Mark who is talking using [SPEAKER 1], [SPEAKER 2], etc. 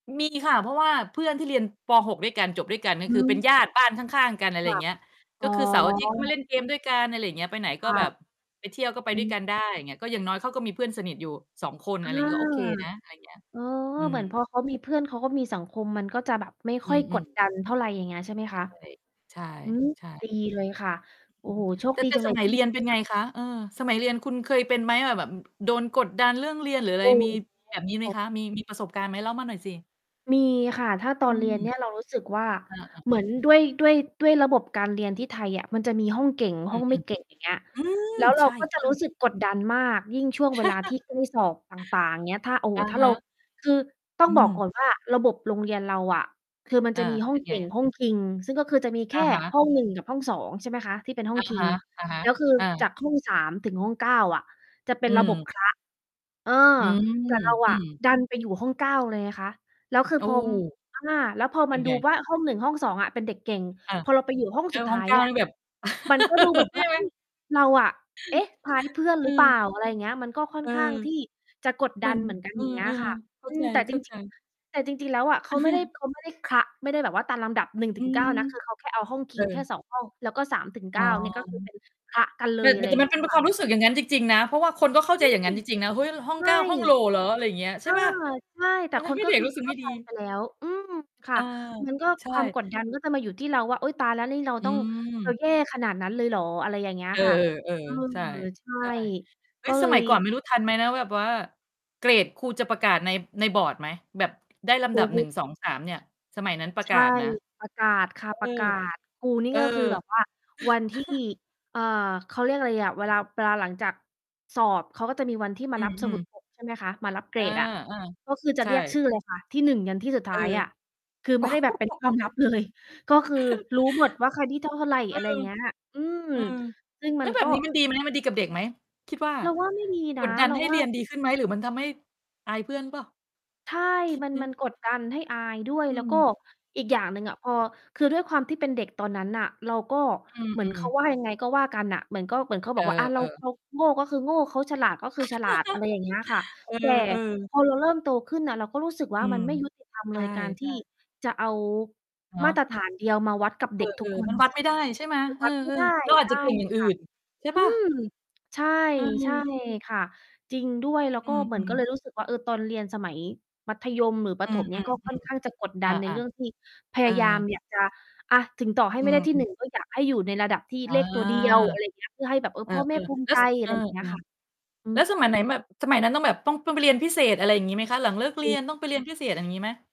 [SPEAKER 1] มีค่ะ เพราะว่าเพื่อนที่เรียน ป.6 ด้วยกัน จบด้วยกัน ก็
[SPEAKER 2] อื
[SPEAKER 1] คือเป็น
[SPEAKER 2] ม
[SPEAKER 1] ญาติบ้านข้าง ๆ กัน อะไ
[SPEAKER 2] ค
[SPEAKER 1] รอ
[SPEAKER 2] ่
[SPEAKER 1] ย่
[SPEAKER 2] ะ
[SPEAKER 1] างเงี้ย
[SPEAKER 2] อ
[SPEAKER 1] ก
[SPEAKER 2] ๋
[SPEAKER 1] ็
[SPEAKER 2] อ
[SPEAKER 1] คือเสาร์อาทิตย์ ก็มาเล่นเกมด้วยกัน อะไรอย่างเงี้ย ไปไหน
[SPEAKER 2] ค
[SPEAKER 1] ก็
[SPEAKER 2] ่
[SPEAKER 1] แบ
[SPEAKER 2] ะ
[SPEAKER 1] บไปเที่ยว ก็ไป
[SPEAKER 2] อ
[SPEAKER 1] ด้วย
[SPEAKER 2] ืม
[SPEAKER 1] กันได้ ก็อย่างน้อยเขาก็มีเพื่อนสนิทอยู่ 2 คน
[SPEAKER 2] เอ
[SPEAKER 1] อะไ
[SPEAKER 2] อ
[SPEAKER 1] รอย่างงี้ ก็โอเคนะ อะไรอย่างเงี้ย
[SPEAKER 2] เออ
[SPEAKER 1] อื
[SPEAKER 2] เหม
[SPEAKER 1] ม
[SPEAKER 2] ือนพอเขามีเพื่อน เขาก็มีสังคม มันก็จะแบบไม่
[SPEAKER 1] อ
[SPEAKER 2] ค
[SPEAKER 1] ื
[SPEAKER 2] ่อยก
[SPEAKER 1] อ
[SPEAKER 2] ด
[SPEAKER 1] ๆ
[SPEAKER 2] ดันเท่าไร อย่างเงี้ยใช่ไหม
[SPEAKER 1] ใช
[SPEAKER 2] ค
[SPEAKER 1] ่
[SPEAKER 2] ะ?
[SPEAKER 1] ใช่
[SPEAKER 2] อืม
[SPEAKER 1] ใช่
[SPEAKER 2] ดีเลยค่ะ โอ
[SPEAKER 1] อ
[SPEAKER 2] ้
[SPEAKER 1] ื
[SPEAKER 2] โ
[SPEAKER 1] ม
[SPEAKER 2] ฮ โชค
[SPEAKER 1] แต่
[SPEAKER 2] ดี
[SPEAKER 1] แต่
[SPEAKER 2] จังเ
[SPEAKER 1] ส
[SPEAKER 2] ลย
[SPEAKER 1] มั
[SPEAKER 2] ท
[SPEAKER 1] ย
[SPEAKER 2] ี่
[SPEAKER 1] เรียนเป็น
[SPEAKER 2] ค
[SPEAKER 1] ไ
[SPEAKER 2] ่
[SPEAKER 1] ง
[SPEAKER 2] ะ
[SPEAKER 1] คะ? เออ สมัยเรียนคุณเคยเป็นไหมอะ แบบ อ โดนกดดันเรื่องเรียน หรืออะไร
[SPEAKER 2] อื
[SPEAKER 1] แบ
[SPEAKER 2] ม
[SPEAKER 1] บนี้ไหมคะ? มี มีประสบการณ์ไหม? เล่ามาหน่อยสิ
[SPEAKER 2] มีค่ะ ถ้าตอ
[SPEAKER 1] อื
[SPEAKER 2] นเรีย
[SPEAKER 1] ม
[SPEAKER 2] นเนี่ยเรารู้สึกว่า
[SPEAKER 1] เออ ๆ
[SPEAKER 2] เหมือนด้วย ด้วย ด้วยระบบการเรียนที่ไทยอะ มันจะมีห้องเก่ง
[SPEAKER 1] อ
[SPEAKER 2] ห
[SPEAKER 1] ื
[SPEAKER 2] ้อ
[SPEAKER 1] ม
[SPEAKER 2] งไม่เก่ง อย่างเงี้ย
[SPEAKER 1] ๆ อืม
[SPEAKER 2] แล้วเร
[SPEAKER 1] ใ
[SPEAKER 2] า
[SPEAKER 1] ช่
[SPEAKER 2] ก็จะรู้
[SPEAKER 1] ๆ
[SPEAKER 2] สึกกดดันมาก ยิ่งช่วงเวลาที่ อือ สอบต่าง ๆ อย่างเงี้ย โอ้โฮ
[SPEAKER 1] อะ
[SPEAKER 2] ถ้า
[SPEAKER 1] ฮ
[SPEAKER 2] เรา
[SPEAKER 1] ะ
[SPEAKER 2] คือต้อ
[SPEAKER 1] อ
[SPEAKER 2] ง
[SPEAKER 1] ื
[SPEAKER 2] บอกก
[SPEAKER 1] ม
[SPEAKER 2] ่อนว่า ระบบโรงเรียนเราอะ คือมัน
[SPEAKER 1] อ
[SPEAKER 2] จ
[SPEAKER 1] า
[SPEAKER 2] ะมีห้
[SPEAKER 1] เ
[SPEAKER 2] อ
[SPEAKER 1] ป็
[SPEAKER 2] ง
[SPEAKER 1] น
[SPEAKER 2] เก
[SPEAKER 1] ไง
[SPEAKER 2] ่ง
[SPEAKER 1] อะ?
[SPEAKER 2] ห้องคิง ซึ่งก็คือจะมีแค
[SPEAKER 1] อ
[SPEAKER 2] ่
[SPEAKER 1] ะฮะ
[SPEAKER 2] ห้อง 1 กับห้อง 2 ใช่ไหมคะ ที่เป็นห้อ
[SPEAKER 1] อ
[SPEAKER 2] ง
[SPEAKER 1] ะ
[SPEAKER 2] คิ
[SPEAKER 1] ฮ
[SPEAKER 2] ง
[SPEAKER 1] ะ อะฮะ
[SPEAKER 2] แล้วคือ
[SPEAKER 1] อา
[SPEAKER 2] จากห้อง 3 ถึงห้อง 9 อะ จะเป็
[SPEAKER 1] อื
[SPEAKER 2] นระบบ
[SPEAKER 1] ม
[SPEAKER 2] คละ เออ
[SPEAKER 1] อืม
[SPEAKER 2] แต่เราอ
[SPEAKER 1] อื
[SPEAKER 2] ะ
[SPEAKER 1] ม
[SPEAKER 2] ดันไปอยู่ห้อง 9 เลยไงคะ แล้วคือ
[SPEAKER 1] โอ้
[SPEAKER 2] พอ อ่า แล้วพอ
[SPEAKER 1] เป
[SPEAKER 2] ม
[SPEAKER 1] ็
[SPEAKER 2] ัน
[SPEAKER 1] น
[SPEAKER 2] ด
[SPEAKER 1] ไ
[SPEAKER 2] ู
[SPEAKER 1] ง?
[SPEAKER 2] ว่า ห้อง 1 ห้อง 2 อะ เป็นเด็กเก่ง
[SPEAKER 1] อา
[SPEAKER 2] พอเราไปอยู่ห้อง
[SPEAKER 1] แล้
[SPEAKER 2] สุ
[SPEAKER 1] ว
[SPEAKER 2] ดท
[SPEAKER 1] ห้อ
[SPEAKER 2] ้
[SPEAKER 1] ง
[SPEAKER 2] าย
[SPEAKER 1] 9
[SPEAKER 2] อะ
[SPEAKER 1] นี่แบบ
[SPEAKER 2] มันก็ดูเหมือน
[SPEAKER 1] ใช
[SPEAKER 2] ว่า
[SPEAKER 1] ่ไห
[SPEAKER 2] อ
[SPEAKER 1] ม?
[SPEAKER 2] ือ เราอะ เอ๊ะ พาลเพื่อนห
[SPEAKER 1] อ
[SPEAKER 2] ร
[SPEAKER 1] ื
[SPEAKER 2] ือเปล่า
[SPEAKER 1] อ
[SPEAKER 2] อะไรอย่างเงี้ย มันก็ค่
[SPEAKER 1] เ
[SPEAKER 2] อ
[SPEAKER 1] อ
[SPEAKER 2] น
[SPEAKER 1] อ
[SPEAKER 2] ข้างที่จะกด
[SPEAKER 1] เ
[SPEAKER 2] ด
[SPEAKER 1] ห
[SPEAKER 2] ั
[SPEAKER 1] มือ
[SPEAKER 2] น
[SPEAKER 1] น
[SPEAKER 2] เหมือนกัน
[SPEAKER 1] เอ
[SPEAKER 2] อย่างเงี้ย
[SPEAKER 1] อ
[SPEAKER 2] ค่ะ
[SPEAKER 1] ๆ เข้
[SPEAKER 2] อ
[SPEAKER 1] า
[SPEAKER 2] ื
[SPEAKER 1] ใ
[SPEAKER 2] ม แต่จร
[SPEAKER 1] จ
[SPEAKER 2] ิง ๆ
[SPEAKER 1] ๆ
[SPEAKER 2] อะ แต่จริง ๆ แล้ว อะ เขาไม่ได้ เขาไม่ได้คละ ไม่ได้แบบว่าตามลำดับ หนึ่งถ
[SPEAKER 1] อื
[SPEAKER 2] ึงเก้
[SPEAKER 1] ม
[SPEAKER 2] า นะ คือเขาแค่เอาห้องค
[SPEAKER 1] เ
[SPEAKER 2] ิ
[SPEAKER 1] อ
[SPEAKER 2] งแค่
[SPEAKER 1] อ
[SPEAKER 2] 2 ห้อง แล้วก็ สามถึงเ
[SPEAKER 1] อ
[SPEAKER 2] ก
[SPEAKER 1] ๋
[SPEAKER 2] ้
[SPEAKER 1] อ
[SPEAKER 2] า เนี่ย ก็คือเป็นคละกันเล
[SPEAKER 1] แต่
[SPEAKER 2] ย อะไร
[SPEAKER 1] แ
[SPEAKER 2] อ
[SPEAKER 1] ต
[SPEAKER 2] ย
[SPEAKER 1] ่
[SPEAKER 2] ่าง
[SPEAKER 1] ม
[SPEAKER 2] เ
[SPEAKER 1] ั
[SPEAKER 2] งี
[SPEAKER 1] น
[SPEAKER 2] ้
[SPEAKER 1] เป
[SPEAKER 2] ย
[SPEAKER 1] ็น
[SPEAKER 2] ค
[SPEAKER 1] ค
[SPEAKER 2] ่
[SPEAKER 1] ว
[SPEAKER 2] ะ
[SPEAKER 1] ามรู้สึกอย่างงั้นจริง ๆ นะ เพราะว่าคนก็เข้า
[SPEAKER 2] อ
[SPEAKER 1] ใจ
[SPEAKER 2] ื
[SPEAKER 1] อย่างงั
[SPEAKER 2] อ
[SPEAKER 1] ้นจริง ๆ นะ เฮ้ย ห้อ
[SPEAKER 2] ใช
[SPEAKER 1] ง เ
[SPEAKER 2] ่
[SPEAKER 1] ก้า ห้องโหล่เหรอ? อะไรอย่างเงี้ย ใ
[SPEAKER 2] เ
[SPEAKER 1] ช
[SPEAKER 2] อ
[SPEAKER 1] ่
[SPEAKER 2] อ
[SPEAKER 1] เปล่า
[SPEAKER 2] ใช่ แต
[SPEAKER 1] ม
[SPEAKER 2] ่
[SPEAKER 1] ันท
[SPEAKER 2] ค
[SPEAKER 1] ำ
[SPEAKER 2] น
[SPEAKER 1] ให้
[SPEAKER 2] ก็
[SPEAKER 1] เด็
[SPEAKER 2] ค
[SPEAKER 1] ก
[SPEAKER 2] ือ
[SPEAKER 1] รู้สึ
[SPEAKER 2] เ
[SPEAKER 1] ก
[SPEAKER 2] ข้
[SPEAKER 1] ไม
[SPEAKER 2] า
[SPEAKER 1] ่
[SPEAKER 2] ใ
[SPEAKER 1] ด
[SPEAKER 2] จ
[SPEAKER 1] ี
[SPEAKER 2] ไปแล้ว อืม ค
[SPEAKER 1] เ
[SPEAKER 2] ่
[SPEAKER 1] อ
[SPEAKER 2] ะ
[SPEAKER 1] อ
[SPEAKER 2] มันก็
[SPEAKER 1] ใช่
[SPEAKER 2] ความกดดันก็จะมาอยู่ที่เราว่า อุ๊ย ตายแล้ว นี่เรา
[SPEAKER 1] อ
[SPEAKER 2] ต้อง เรา
[SPEAKER 1] ืม
[SPEAKER 2] แย่ขนาดนั้นเลยเหรอ อะไรอย่างเงี้ย
[SPEAKER 1] เอ
[SPEAKER 2] ค่ะ
[SPEAKER 1] อ
[SPEAKER 2] เออ
[SPEAKER 1] ๆ ๆ ใช่
[SPEAKER 2] ใช่
[SPEAKER 1] ใช่ เฮ
[SPEAKER 2] ก
[SPEAKER 1] ้
[SPEAKER 2] ็
[SPEAKER 1] ย
[SPEAKER 2] เล
[SPEAKER 1] สมั
[SPEAKER 2] ย
[SPEAKER 1] ยก่อนไม่รู้ทันไหมนะ แบบว่าเกรดครูจะประกาศใน ในบอร์ดไหม แบบได้ลำ
[SPEAKER 2] อ
[SPEAKER 1] ด
[SPEAKER 2] ื
[SPEAKER 1] ับ
[SPEAKER 2] อฮ
[SPEAKER 1] หนึ
[SPEAKER 2] ึ
[SPEAKER 1] ่ง สอง สาม เนี่ย สมัยนั้นประ
[SPEAKER 2] ใช
[SPEAKER 1] กา
[SPEAKER 2] ่
[SPEAKER 1] ศนะ
[SPEAKER 2] ประกาศค่ะ
[SPEAKER 1] เอ
[SPEAKER 2] ประก
[SPEAKER 1] อ
[SPEAKER 2] าศ ครูนี่
[SPEAKER 1] เออ
[SPEAKER 2] ก็คือแบบว่าวันที่ อ่า เขาเรียกอะไรอะ เวลา เวลาหลังจากสอบ เขาก็จะมีวันที่ม
[SPEAKER 1] อ
[SPEAKER 2] า
[SPEAKER 1] ื
[SPEAKER 2] รับสมุ
[SPEAKER 1] ม
[SPEAKER 2] ด
[SPEAKER 1] ๆ
[SPEAKER 2] พก ใช่ไหมคะ มารับเก
[SPEAKER 1] อ
[SPEAKER 2] ร
[SPEAKER 1] า
[SPEAKER 2] ดอะ ก็คือจ
[SPEAKER 1] ๆ
[SPEAKER 2] ะ
[SPEAKER 1] ใช
[SPEAKER 2] เรียก
[SPEAKER 1] ่
[SPEAKER 2] ชื่อเลยค่ะ ที่ 1 ยันที่สุดท
[SPEAKER 1] เอ
[SPEAKER 2] ้าย
[SPEAKER 1] อ
[SPEAKER 2] อะ คือไม่ได้แบบเป็นความลับ เลย ก็คือรู้หมดว่าใครที่เท่าไร
[SPEAKER 1] อื
[SPEAKER 2] อะไรอย่
[SPEAKER 1] ม
[SPEAKER 2] างเงี้ย อือ
[SPEAKER 1] อืม
[SPEAKER 2] ซึ่ง
[SPEAKER 1] แ
[SPEAKER 2] ม
[SPEAKER 1] ล้
[SPEAKER 2] ั
[SPEAKER 1] ว
[SPEAKER 2] น
[SPEAKER 1] แบ
[SPEAKER 2] ก็
[SPEAKER 1] บนี้มันดีไหม? มันดีกับเด็กไหม? คิดว่า
[SPEAKER 2] เราว่า ไม่มี
[SPEAKER 1] ก
[SPEAKER 2] นะ
[SPEAKER 1] ดดัน
[SPEAKER 2] เรา
[SPEAKER 1] ให้
[SPEAKER 2] ว
[SPEAKER 1] เ
[SPEAKER 2] ่
[SPEAKER 1] ร
[SPEAKER 2] า
[SPEAKER 1] ียนดีขึ้นไหม? หรือมันทำให้อายเพื่อนเปล่า?
[SPEAKER 2] ใช่
[SPEAKER 1] คิด
[SPEAKER 2] มัน
[SPEAKER 1] ไหม?
[SPEAKER 2] มันกดดันให้อายด้วย
[SPEAKER 1] อ
[SPEAKER 2] แล้
[SPEAKER 1] ื
[SPEAKER 2] วก็
[SPEAKER 1] ม
[SPEAKER 2] อีกอย่างหนึ่งอะ พอ คือด้วยความที่เป็นเด็กตอนนั้นน่ะ เราก็
[SPEAKER 1] อื
[SPEAKER 2] เหมือนเ
[SPEAKER 1] อ
[SPEAKER 2] ขา
[SPEAKER 1] ๆ
[SPEAKER 2] ว่ายังไง ก็ว่ากันน่ะ เหมือนก็เหมือนเขา
[SPEAKER 1] เ
[SPEAKER 2] บ
[SPEAKER 1] อ
[SPEAKER 2] อกว่า อา เรา
[SPEAKER 1] อ ๆ
[SPEAKER 2] เราโง่ ก็คือโง่ เขาฉลาด ก็คือฉลาด อะไรอย่างเงี้ยค่ะ
[SPEAKER 1] เอ
[SPEAKER 2] แต่
[SPEAKER 1] อ ๆ
[SPEAKER 2] พอเราเริ่มโตขึ้นน่ะเราก็รู้สึก
[SPEAKER 1] อ
[SPEAKER 2] ว่
[SPEAKER 1] ื
[SPEAKER 2] า มั
[SPEAKER 1] ม
[SPEAKER 2] นไม่ยุติธรรม
[SPEAKER 1] ใช
[SPEAKER 2] เล
[SPEAKER 1] ่
[SPEAKER 2] ย การที่
[SPEAKER 1] ๆ
[SPEAKER 2] จะเอา
[SPEAKER 1] เนา
[SPEAKER 2] มาต
[SPEAKER 1] ะ
[SPEAKER 2] รฐานเดียว มาวัดกับ
[SPEAKER 1] เ
[SPEAKER 2] เ
[SPEAKER 1] อ
[SPEAKER 2] ด็กทุก
[SPEAKER 1] อ
[SPEAKER 2] ค
[SPEAKER 1] ๆ ม
[SPEAKER 2] น
[SPEAKER 1] ันวัด
[SPEAKER 2] ซึ่
[SPEAKER 1] ไม
[SPEAKER 2] ง
[SPEAKER 1] ่ได้ใช่ไหม?
[SPEAKER 2] มัน
[SPEAKER 1] เอ
[SPEAKER 2] ว
[SPEAKER 1] อ
[SPEAKER 2] ัดไม่ได้
[SPEAKER 1] ๆ เราอา
[SPEAKER 2] ใ
[SPEAKER 1] จ
[SPEAKER 2] ช
[SPEAKER 1] จะ
[SPEAKER 2] ่
[SPEAKER 1] เก่งอย่าง
[SPEAKER 2] ค
[SPEAKER 1] อื่
[SPEAKER 2] ่ะ
[SPEAKER 1] น ใช่
[SPEAKER 2] อื
[SPEAKER 1] เปล่า?
[SPEAKER 2] ม ใช่
[SPEAKER 1] อื
[SPEAKER 2] ใช่
[SPEAKER 1] ม
[SPEAKER 2] ค่ะ จริงด้วย แล้ว
[SPEAKER 1] อ
[SPEAKER 2] ก
[SPEAKER 1] ื
[SPEAKER 2] ็เหมือนก
[SPEAKER 1] ม
[SPEAKER 2] ็เล
[SPEAKER 1] ๆ
[SPEAKER 2] ยรู้สึกว่า เออ ตอนเรียนสมัยมัธยม หรือปร
[SPEAKER 1] อื
[SPEAKER 2] ะถมเนี่ย
[SPEAKER 1] อ
[SPEAKER 2] ก็ค่อนข้างจะก
[SPEAKER 1] ๆ
[SPEAKER 2] ดด
[SPEAKER 1] ๆ อ
[SPEAKER 2] ัน
[SPEAKER 1] า
[SPEAKER 2] ในเรื่องที่พ
[SPEAKER 1] ๆ เ
[SPEAKER 2] ย
[SPEAKER 1] อ
[SPEAKER 2] ายาม
[SPEAKER 1] อ
[SPEAKER 2] อยากจะ อา ถึงต่อให้
[SPEAKER 1] อื
[SPEAKER 2] ไม่ได้
[SPEAKER 1] ม
[SPEAKER 2] ที่ หน
[SPEAKER 1] ๆ
[SPEAKER 2] ึ่ง ก็อยากให้อยู่ในระดับที่
[SPEAKER 1] อา
[SPEAKER 2] เลขตัวเดียว อะไรอย่างเงี้ย เพื่อให้แบบ เอ
[SPEAKER 1] เ
[SPEAKER 2] อ
[SPEAKER 1] อ
[SPEAKER 2] พ
[SPEAKER 1] อ
[SPEAKER 2] ่อแม่ภูม
[SPEAKER 1] ๆ
[SPEAKER 2] ิ
[SPEAKER 1] แล้
[SPEAKER 2] ใ
[SPEAKER 1] ว
[SPEAKER 2] จ
[SPEAKER 1] ส
[SPEAKER 2] อ
[SPEAKER 1] เ
[SPEAKER 2] ะ
[SPEAKER 1] อ
[SPEAKER 2] ไ
[SPEAKER 1] อ
[SPEAKER 2] รอย่างเงี้ยค่ะ อื
[SPEAKER 1] ๆ แล้ว
[SPEAKER 2] อ
[SPEAKER 1] สมัยไหนแบบ สมัยนั้นต้องแบบ ต้อง ต้องไปเรียนพิเศษ อะไรอย่างงี้ไหมคะ? หลังเลิกเร
[SPEAKER 2] อ
[SPEAKER 1] ี
[SPEAKER 2] ื
[SPEAKER 1] ยน
[SPEAKER 2] อ
[SPEAKER 1] ต้องไปเรียนพิเศษ อย่างงี้ไหม?